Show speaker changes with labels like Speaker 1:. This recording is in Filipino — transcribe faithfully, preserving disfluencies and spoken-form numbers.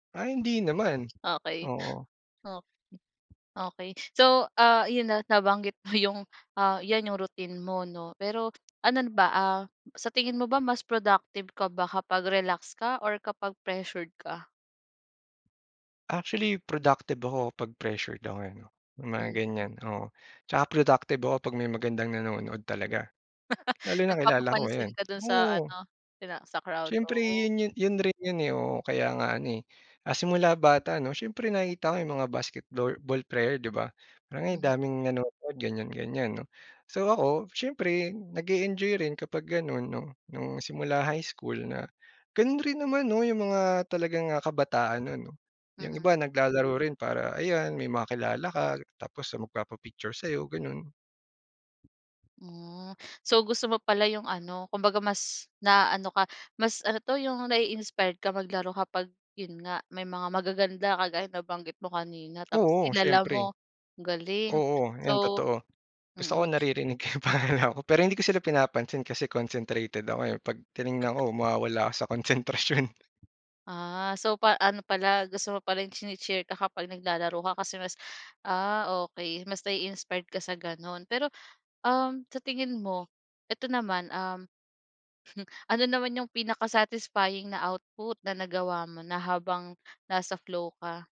Speaker 1: Ay, hindi naman,
Speaker 2: Okey.
Speaker 1: oo.
Speaker 2: O okey. So, ah, yun, ah, nabanggit mo yung, ah, yan yung routine mo no, pero anon ba, ah, sa tingin mo ba mas productive ka ba kapag relax ka or kapag pressured ka?
Speaker 1: Actually productive ako pag pressured ako, eh, 'no. Yung mga
Speaker 2: Mhm.
Speaker 1: ganyan, oo. Tsaka productive ako pag may magandang nanonood talaga, lalo na kilala ko
Speaker 2: Nagpapapansin
Speaker 1: ayan,
Speaker 2: ka dun sa
Speaker 1: oo.
Speaker 2: ano ina sa crowd,
Speaker 1: Siyempre
Speaker 2: oh.
Speaker 1: yun yun yun rin yun, eh, oo. Kaya nga ano, eh, ah, simula bata 'no, siyempre nakita ko yung mga basketbor ball player di ba, "ay
Speaker 2: Mhm.
Speaker 1: daming nanonood," ganyan ganyan 'no. So ako siyempre nag-e-enjoy rin kapag ganun 'no, nung simula high school na ganun rin naman 'no, yung mga talagang kabataan nun 'no, yung
Speaker 2: Mm.
Speaker 1: iba naglalaro rin para ayan may makilala ka, tapos magpapa-picture sayo ganon.
Speaker 2: Hmm, so gusto mo pala yung ano kumbaga mas naaano ka, mas ano 'to yung nai-inspired ka maglaro kapag yun nga, may mga magaganda kagaya ng nabanggit mo kanina tapos
Speaker 1: Oo
Speaker 2: kilala
Speaker 1: siyempre.
Speaker 2: mo? Galing
Speaker 1: Oo, yun
Speaker 2: so
Speaker 1: totoo. Gusto ko
Speaker 2: mm.
Speaker 1: naririnig ko yung pangalan ko, pero hindi ko sila pinapansin kasi concentrated ako, eh. Pag tiningnan ko mawawala ako sa konsentrasyon.
Speaker 2: Ah, so pa ano pala, gusto mo pala yung chini-cheer ka kapag naglalaro ka kasi mas ah, okey. Mas nai-inspired ka sa ganon. Pero, um, sa tingin mo eto naman, um Ano naman yung pinaka-satisfying na output na nagawa mo na habang nasa flow ka?